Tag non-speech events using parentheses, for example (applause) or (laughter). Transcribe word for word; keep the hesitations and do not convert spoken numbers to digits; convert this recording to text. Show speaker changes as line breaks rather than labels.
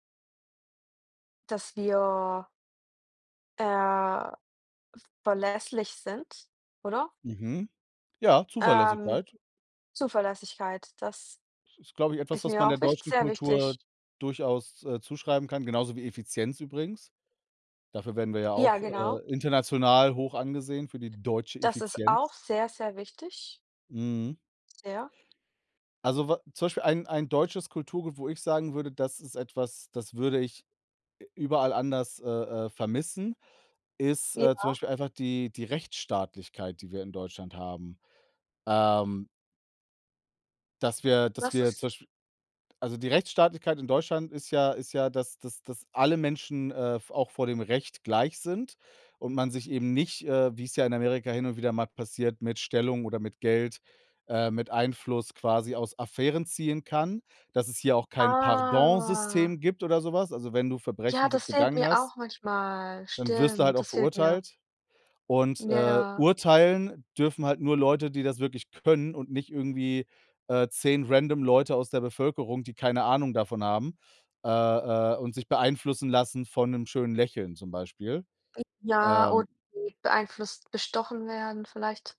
Dass wir äh, v verlässlich sind, oder?
Mhm, ja,
Ähm,
Zuverlässigkeit.
Zuverlässigkeit, das
Das ist, glaube ich, etwas,
ist
was
mir
man der
auch wicht
deutschen
sehr wichtig.
Kultur durchaus, äh, zuschreiben kann, genauso wie Effizienz übrigens. Dafür werden wir ja
Ja,
auch,
genau.
äh, international hoch angesehen für die deutsche
Das ist auch
Effizienz
sehr, sehr wichtig.
Mhm.
Sehr.
Also, wa zum Beispiel ein ein deutsches Kulturgut, wo ich sagen würde, das ist etwas, das würde ich, äh, überall anders, äh, äh, vermissen, ist, äh, zum
Ja.
Beispiel einfach die die Rechtsstaatlichkeit, die wir in Deutschland haben. Ähm dass wir dass
Was
wir
ist
zum Beispiel Also, die Rechtsstaatlichkeit in Deutschland ist ja ist ja, dass dass dass alle Menschen, äh, v auch vor dem Recht gleich sind und man sich eben nicht, äh, wie's ja in Amerika hin und wieder mal passiert, mit Stellung oder mit Geld, äh, mit Einfluss quasi aus Affären ziehen kann. Dass es hier auch kein
Ah.
Pardon-System gibt oder so was. Also, wenn du
Ja,
Verbrechen be
das fehlt
begangen
mir
hast,
auch manchmal.
dann wirst du halt
Stimmt,
auch
das fehlt mir.
verurteilt. Und, äh,
Ja.
urteilen dürfen halt nur Leute, die das wirklich können und nicht irgendwie, äh, zehn random Leute aus der Bevölkerung, die keine Ahnung davon haben, äh, äh, und sich beeinflussen lassen von 'nem schönen Lächeln zum Beispiel,
(unintelligible) Ja,
ähm
(unintelligible) beeinflusst bestochen werden vielleicht.